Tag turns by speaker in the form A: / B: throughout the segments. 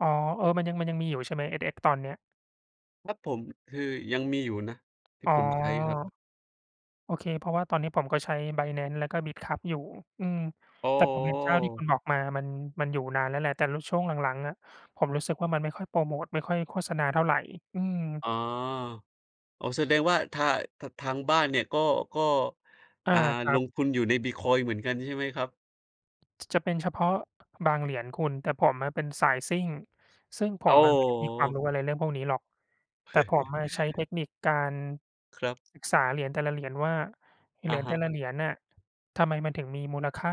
A: อ๋อ เออ มันยัง มันยังมีอยู่ใช่ไหม? SX ตอนเนี่ย
B: ครับผม คือยังมีอยู่นะ ที่
A: อ๋อ
B: ผมใช้ครับ
A: โอเค เพราะว่าตอนนี้ผมก็ใช้ Binance แล้วก็ Bitkub อยู่ อืม
B: โอ้
A: แต่
B: โ
A: ผมเห็นเจ้าที่คุ
B: ฮ
A: ณบอกมามัน มันอยู่นานแล้วแหละ แต่ ล ช่วงหลัง ๆ อะ ผมรู้สึกว่ามันไม่ค่อยโพรโมต ไม่ค่อยโฆษณาเท่าไร อืม
B: อ๋อ โอ้ แสดงว่า ทา ทา ทางบ้านเนี่ยก็ ก็
A: อา
B: อ่า
A: ครั
B: ล
A: บ
B: งทุนอยู่ในบิตคอยน์เหมือนกันใช่ไหมครับ?
A: จ จะเป็นเฉพาะบางเหรียญคุณ แต่ผมอะเป็นสายซิ่ง ซึ่งผ
B: โอ้
A: มอะไม่ได้มีความ
B: โฮ
A: รู้อะไรเรื่องพวกนี้หรอก แต่ผมอะใช้เทคนิคการ
B: ครับ
A: ศึกษาเหรียญแต่ละเหรียญว่าเ
B: อ
A: หร
B: ะ
A: ียญ
B: ฮ
A: แต่
B: ะ
A: ละเหรียญอะทำไมมันถึงมีมูลค่า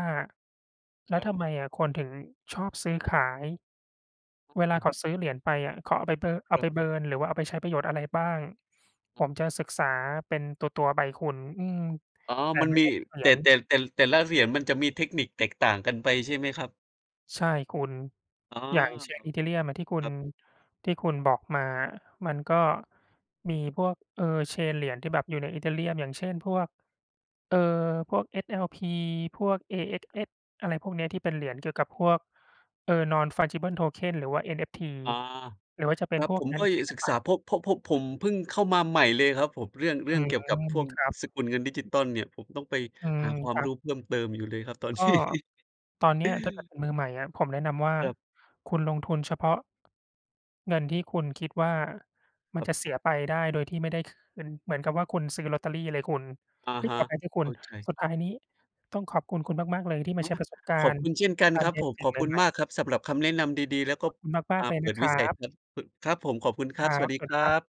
A: แล้
B: ค
A: ว
B: รับ
A: ทำไมคนถึงชอบซื้อขาย เวล
B: อ
A: า
B: า
A: เขาซื้อเหรียญไปอะเขาเอาไป บ เอา
B: ครั
A: ไ
B: บ
A: ป เบิร์น หรือว่าเอาไปใช้ประโยชน์อะไรบ้าง ผมจะศึกษาเป็นตัว ๆ ไปคุณ อืม
B: อ๋อ
A: แต่
B: มัน
A: ไม่
B: มี
A: ได้ทุกเหร
B: แ
A: ี
B: ต่
A: ย
B: แต
A: ญ
B: ่ แต่ แต่ละเหรียญมันจะมีเทคนิคแตกต่างกันไปใช่ไหมครับ?
A: ใช่คุณ
B: อ๋อ
A: อย่างเช่น Ethereum อะที่คุ
B: ค
A: ณ
B: รับ
A: ที่คุณบอกมามันก็มีพวก เอ่อ เชนเหรียญที่แบบอยู่ใน Ethereum อย่างเช่น พวก เอ่อ พวก SLP พวก
B: ครับ
A: AXS อะไรพวกนี้ที่เป็นเหรียญเกี่ยวกับพวก เอ่อ Non fungible tokens หรือว่า NFT
B: อา
A: หรือว่าจะเป็
B: ค
A: น
B: รับ
A: พว
B: ผ
A: ก
B: ม
A: งา
B: ก
A: น
B: ็
A: อ
B: อย
A: ศ
B: า
A: ิ
B: ก
A: ล
B: ศึก
A: ป
B: ษา
A: ะ
B: เพราะ เพราะ เพราะผมเพิ่งเข้ามาใหม่เลยครับผม เรื่อง เรื
A: อ
B: ่
A: ื
B: องเกี่ยวกับพ
A: ม
B: วก
A: ครับ
B: สกุลเงินดิจิทัลเนี่ย ผมต้องไป
A: อื
B: ห
A: ม
B: าควา
A: ค
B: ม
A: รั
B: ร
A: บ
B: ู้เพิ่มเติมอยู่เลยครับ ตอน
A: ก็
B: นี้
A: ตอนนี้ถ้าเกิดเป็นมือใหม่อะ ผมแนะนำว่า
B: ครับ
A: คุณลงทุนเฉพาะ เงินที่คุณคิดว่าม
B: ค
A: ัน
B: รับ
A: จะเสียไปได้โดยที่ไม่ได้คืน เหมือนกับว่าคุณซื้อลอตเตอรี่เลยคุณ
B: อะ
A: เฮ่
B: ฮ
A: ย!
B: ะ
A: ขออภัยด้วยค
B: เ
A: ุ
B: ข้
A: ณ
B: าใจ
A: สุดท้ายนี้ต้องขอบคุณคุณมาก ๆ เลยที่ม
B: อ
A: า
B: ๋อ
A: แชร์ประสบกา
B: ขอบ
A: รณ
B: ค
A: ์
B: ุณเช่นกัน
A: กา
B: ค
A: ร
B: รั
A: เ
B: บ
A: รี
B: ผ
A: ยน
B: ม
A: สิ
B: ข
A: ่ง
B: อบ
A: ใ
B: คุณ
A: หม่
B: ม
A: ๆ
B: ากครับสำหรับคำแนะนำดี ๆ แล้วก็
A: ขอบคุณมา
B: อ
A: ก
B: ่า
A: ๆ เลย
B: เป
A: น
B: ิ
A: ะ
B: ด
A: ค
B: ว
A: ร
B: ิส
A: ั
B: ัย
A: บ
B: ทัศน์ พ ครับผม ขอบคุณคร
A: คร
B: ับ
A: ั
B: สวั
A: บ
B: สดี
A: สวัส
B: ค
A: ดี
B: รั
A: ครับ
B: บ